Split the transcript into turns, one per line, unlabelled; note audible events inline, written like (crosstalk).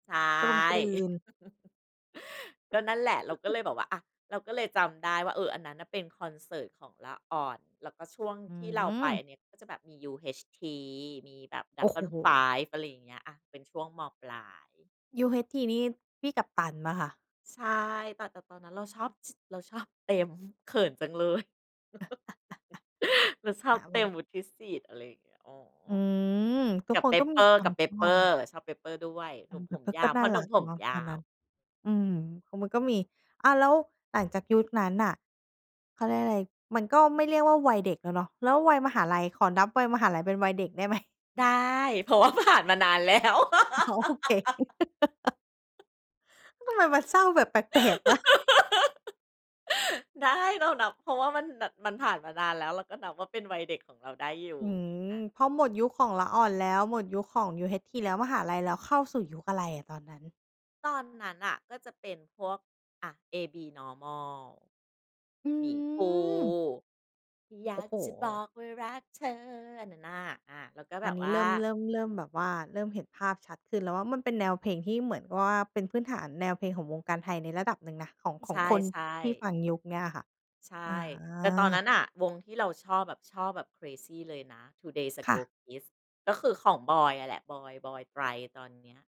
ใช่
กลมกลืน
(chuckles) ก็นั่นแหละ เราก็
(chuckles)
เลยแบบว่า อา เราก็เลยจำได้ว่า เออ อันนั้นน่ะเป็นคอนเสิร์ตของละอ่อน แล้วก็ช่วง
อื
ที่เราไปอ
ม
ันนี้ ก็จะแบบมี UHT มีแบบ
โอ้โฮ
Dragon 5 อะไรอย่างเงี้ย อา เป็นช่วง ม.ปลาย
UHT นี่พี่กัปตันเปล่าค่ะ?
ใช่ แต่ แต่ตอนนั้นเราชอบ ช เราชอบเต็ม เขินจังเลย
(chuckles)
(giggles) เราชอ
ห
บ
า
เ
ไ
ต
ว
็
้
ม วุฒิสิทธิ์ อะไรอย่างเงี้ย อ๋อ
อืม ทุ
ก
ก
ับ
ค
เ
น
ป
ก็
ปเป
มี
อร
ค
์
วา
ก
ม
ับเป
ช
ป
อ
เปอร
บ
์ ชอบเปปเปอร์ด้วย หน
เอ
ุ่
อ
ม
แ
ผ
ต่
ม
เขา
ย
ก
า
็
ว
น
พ
่
่
า
อหน
ร
ุ่
ั
ม
ก
ผม
เนาะ
ยา
ตอนน
ว
ั้น อืม ข มันก็มี อ้าว แล้วหลังจากยุคนั้นน่ะ เขาเรียกอะไร มันก็ไม่เรียกว่าวัยเด็กแล้วเนาะ แล้ววัยมหาลัย ขอนับวัยมหาลัยเป็นวัยเด็กได้ไหม?
ได้ เพราะว่าผ่านมานาน แล้ว
อ๋อ โอเค
(laughs)
(laughs) ทำไมมันเศร้าแบบแปลก ๆ นะ
(laughs) ได้ เรานับ เพราะว่ามันแบบ มันผ่านมานานแล้ว เราก็นับว่า เป็นวัยเด็กของเราได้อยู
อ
่
ื
ง
ม
ี้ อา
พอหมดยุคของละอ่อนแล้ว หมดยุคของ UHT แล้ว มหาลัยแล้ว เข้าสู่ยุคอะไรอะตอนนั้น?
ตอนนั้นน่ะก็จะเป็นพวก อา AB normal
อื
หมีพูห
ม
์ อย
โอ
า
้
ก
โฮ
จะบอกว่ารักเธอ อันนั้นน่ะ อา แล้วก็แบ
อัน
บ
นี
ว
้
่
เ
า
ริ่ม เริ่ม เริ่มแบบว่า เริ่มเห็นภาพชัดขึ้นแล้วว่า มันเป็นแนวเพลงที่เหมือนว่า เป็นพื้นฐานแนวเพลงของวงการไทยในระดับหนึ่งนะ ของ ข
ใช
องคน
่
ที่
ๆ
ฟังยุคเนี่ยอะค่ะ
ใช
อ
่ แต่ตอนนั
า
้นน่ะ วงที่เราชอบแบบ ชอบแบบ เครซี เลยนะ 2 Days
ค่
Ago
ะ
Kids ก็คือของบอยอะแหละ บอย บอย ตรัย ตอนเนี้ย